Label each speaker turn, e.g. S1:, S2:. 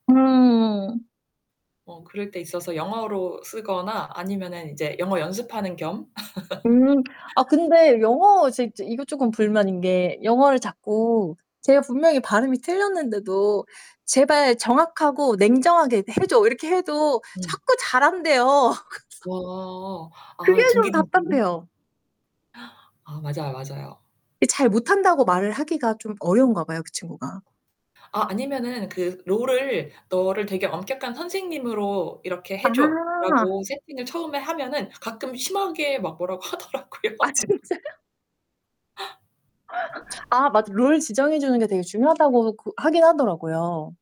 S1: 음.
S2: 어 그럴 때 있어서 영어로 쓰거나 아니면은 이제 영어 연습하는 겸.
S1: 음, 아 근데 영어 제 이것 쪼끔 불만인 게 영어를 자꾸 제가 분명히 발음이 틀렸는데도 "제발 정확하고 냉정하게 해줘." 이렇게 해도
S2: 음.
S1: 자꾸 잘한대요. 그래서
S2: 와.
S1: 그게
S2: 아,
S1: 좀
S2: 둥기둥기.
S1: 답답해요.
S2: 아. 아 맞아요, 맞아요.
S1: 이 잘 못한다고 말을 하기가 좀 어려운가 봐요. 그 친구가.
S2: 아, 아니면은 그 롤을 "너를 되게 엄격한 선생님으로 이렇게
S1: 아.
S2: 해줘."라고 세팅을 처음에 하면은 가끔 심하게 막 뭐라고
S1: 아
S2: 하더라고요.
S1: 진짜요? 아, 맞아. 롤 지정해 주는 게 되게 중요하다고 그 하긴 하더라고요.